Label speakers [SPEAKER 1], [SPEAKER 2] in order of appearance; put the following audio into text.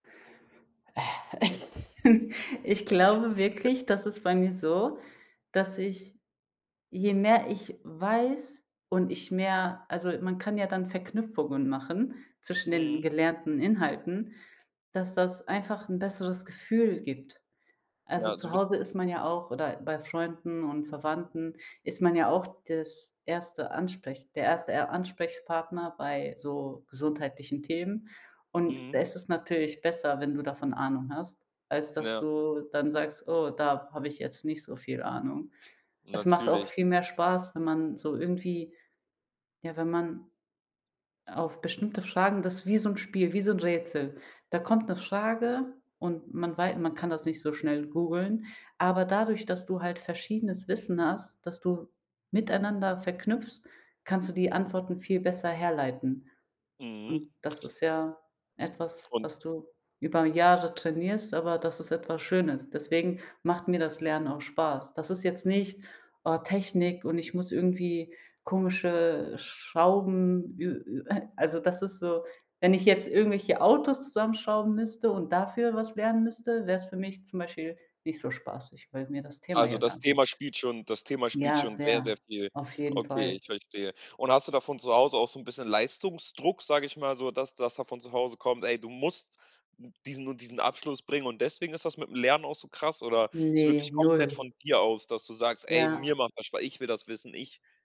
[SPEAKER 1] Ich glaube wirklich, das ist bei mir so, dass ich, je mehr ich weiß und ich mehr also, man kann ja dann Verknüpfungen machen zwischen den
[SPEAKER 2] Mhm.
[SPEAKER 1] gelernten Inhalten, dass das einfach 'n besseres Gefühl gibt.
[SPEAKER 2] Ja,
[SPEAKER 1] Also,
[SPEAKER 2] also
[SPEAKER 1] zu
[SPEAKER 2] bis
[SPEAKER 1] Hause ist man ja auch oder bei Freunden und Verwandten ist man ja auch das erste Ansprech der erste Er Ansprechpartner bei so gesundheitlichen Themen. Und da
[SPEAKER 2] Mhm.
[SPEAKER 1] ist es natürlich besser, wenn du davon Ahnung hast, als dass
[SPEAKER 2] Ja.
[SPEAKER 1] du dann sagst: „Oh, da hab ich jetzt nicht so viel Ahnung.“ Es macht auch
[SPEAKER 2] Natürlich.
[SPEAKER 1] viel mehr Spaß, wenn man so irgendwie ja, wenn man auf bestimmte Fragen, das ist wie so 'n Spiel, wie so 'n Rätsel. Da kommt 'ne Frage und man wei man kann das nicht so schnell googeln. Aber dadurch, dass du halt verschiedenes Wissen hast, das du miteinander verknüpfst, kannst du die Antworten viel besser herleiten.
[SPEAKER 2] Mhm.
[SPEAKER 1] Und das ist ja etwas,
[SPEAKER 2] Un
[SPEAKER 1] was du über Jahre trainierst, aber das ist etwas Schönes. Deswegen macht mir das Lernen auch Spaß. Das ist jetzt nicht: Oh, Technik und ich muss irgendwie komische Schrauben ü ü äh, also das ist so, wenn ich jetzt irgendwelche Autos zusammenschrauben müsste und dafür was lernen müsste, wäre es für mich zum Beispiel nicht so spaßig, weil mir das Thema
[SPEAKER 2] Also,
[SPEAKER 1] ja gar
[SPEAKER 2] das
[SPEAKER 1] kein
[SPEAKER 2] Thema spielt schon das Thema spielt
[SPEAKER 1] Ja,
[SPEAKER 2] schon sehr sehr
[SPEAKER 1] sehr,
[SPEAKER 2] viel
[SPEAKER 1] auf jeden
[SPEAKER 2] Okay,
[SPEAKER 1] Fall.
[SPEAKER 2] ich verstehe. Und hast du da von Zuhause aus auch so 'n bisschen Leistungsdruck, sag ich mal so, dass dass von zu Hause kommt: „Ey, du musst diesen und diesen Abschluss bringen“ und deswegen ist das mit dem Lernen auch so krass oder ist
[SPEAKER 1] Ne,
[SPEAKER 2] wirklich komplett
[SPEAKER 1] 0.
[SPEAKER 2] von dir aus, dass du sagst: „Ey,
[SPEAKER 1] Ja.
[SPEAKER 2] mir macht das Spa ich will das wissen, ich“